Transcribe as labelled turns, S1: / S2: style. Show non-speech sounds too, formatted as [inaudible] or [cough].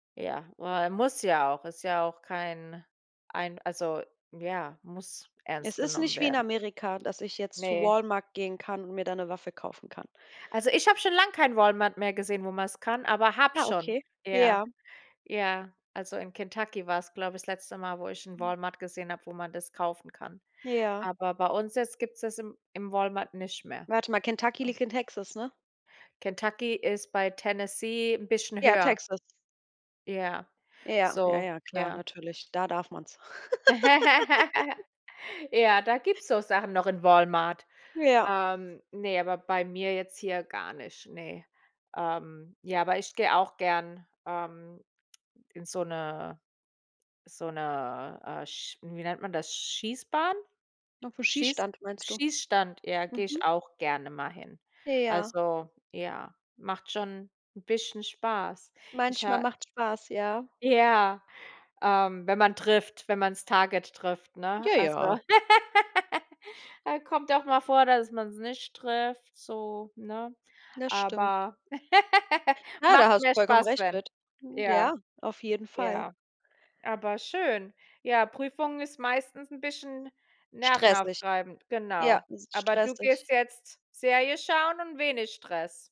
S1: Ja, äh, muss ja auch ist ja auch kein ein, also, ja muss
S2: Es
S1: ernst
S2: ist
S1: genommen
S2: nicht wie in
S1: werden.
S2: Amerika, dass ich jetzt zu
S1: Ne.
S2: Walmart gehen kann und mir da 'ne Waffe kaufen kann.
S1: Also, ich habe schon lang keinen Walmart mehr gesehen, wo man's kann, aber habe
S2: Ja,
S1: schon.
S2: okay.
S1: Ja,
S2: Ja.
S1: ja, also in Kentucky war's, glaube ich, das letzte Mal, wo ich 'n
S2: Mhm.
S1: Walmart gesehen habe, wo man das kaufen kann.
S2: Ja.
S1: Aber bei uns jetzt gibt's das im im Walmart nicht mehr.
S2: Warte mal, Kentucky
S1: [unintelligible]
S2: liegt in Texas, ne?
S1: Kentucky ist bei Tennessee 'n bisschen
S2: Ja,
S1: höher.
S2: Texas.
S1: Ja,
S2: Ja, ja,
S1: so,
S2: ja, klar,
S1: ja.
S2: natürlich. Da darf man's. [laughs]
S1: [laughs] Ja, da gibt's so Sachen noch in Walmart.
S2: Ja.
S1: Ähm ne, aber bei mir jetzt hier gar nicht, ne. Ähm, ja, aber ich gehe auch gern, ähm, in so 'ne so 'ne, äh, sch hm, wie nennt man das, Schießbahn?
S2: Auf 'n
S1: Schieß
S2: Schießstand meinst du?
S1: Schießstand, ja, gehe ich
S2: Mhm.
S1: auch gerne mal hin.
S2: Ja.
S1: Also ja, macht schon 'n bisschen Spaß. Ich
S2: Manchmal
S1: ha
S2: macht's Spaß, ja.
S1: Ja, ähm wenn man trifft, wenn man's Target trifft, ne?
S2: Ja,
S1: Also,
S2: ja.
S1: [laughs] äh, kommt auch mal vor, dass man's nicht trifft so, ne?
S2: Das stimmt.
S1: Aber [laughs]
S2: Ja, da
S1: macht
S2: hast du
S1: mehr
S2: vollkommen
S1: Spaß,
S2: recht
S1: wenn.
S2: mit. Hm,
S1: Ja,
S2: ja, auf jeden Fall.
S1: ja, aber schön. Ja, Prüfung ist meistens 'n bisschen
S2: Stressig.
S1: nervenaufreibend,
S2: Ja,
S1: genau.
S2: ist
S1: Aber du
S2: stressig.
S1: gehst jetzt Serie schauen und wenig Stress.